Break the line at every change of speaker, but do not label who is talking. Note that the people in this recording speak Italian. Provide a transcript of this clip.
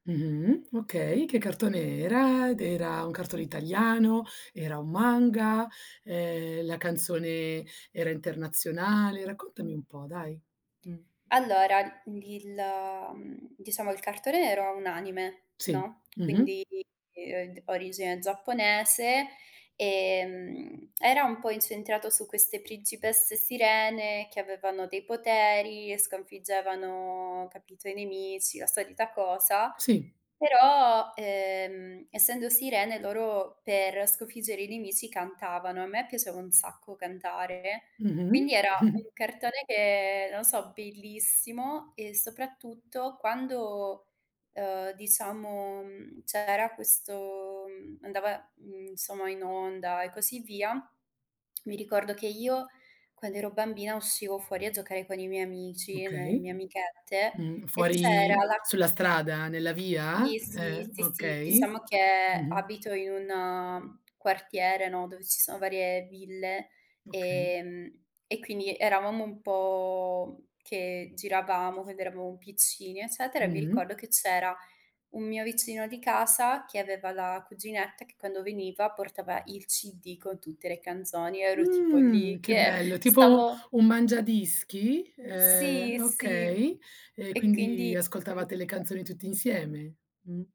Mh-mh, okay, che cartone era? D era un cartone italiano? Era un manga? Ehm, la canzone era internazionale? Raccontami un po', dai, mh.
Allora, il ehm, diciamo, il cartone era un anime,
Sì,
no,
mh-mh.
quindi ehm, d origine giapponese. Ehm, era un po' incentrato su queste principesse sirene che avevano dei poteri e sconfiggevano, capito, i nemici, la solita cosa,
Sì.
però, ehm, essendo sirene loro per sconfiggere i nemici cantavano. A me piaceva un sacco cantare,
Mh-mh.
quindi era un cartone che, non so, bellissimo e soprattutto quando, ehm, diciamo, mhmm, c'era questo, mhmm, andava, mhmm, insomma in onda e così via, mi ricordo che io quando ero bambina uscivo fuori a giocare con i miei amici, e ne le
Okay.
mie amichette
Mh,
e c'era
fuori
la
sulla strada, nella via?
Sì,
Eh,
sì. Sì, sì,
okay.
diciamo che
Mh-mh.
abito in un quartiere, no, dove ci sono varie ville,
Okay.
ehm, e quindi eravamo un po' che giravamo, quando eravamo piccini, eccetera. E mi
Mh-mh.
ricordo che c'era un mio vicino di casa che aveva la cuginetta che quando veniva portava il CD con tutte le canzoni. Io ero tipo
Mhmm,
lì
che
che
bello, tipo
stavo
un mangiadischi,
Sì,
ehm,
sì.
okay. Ehm,
E
quindi
quindi
ascoltavate le
[unintelligible]
canzoni tutti insieme. Mh.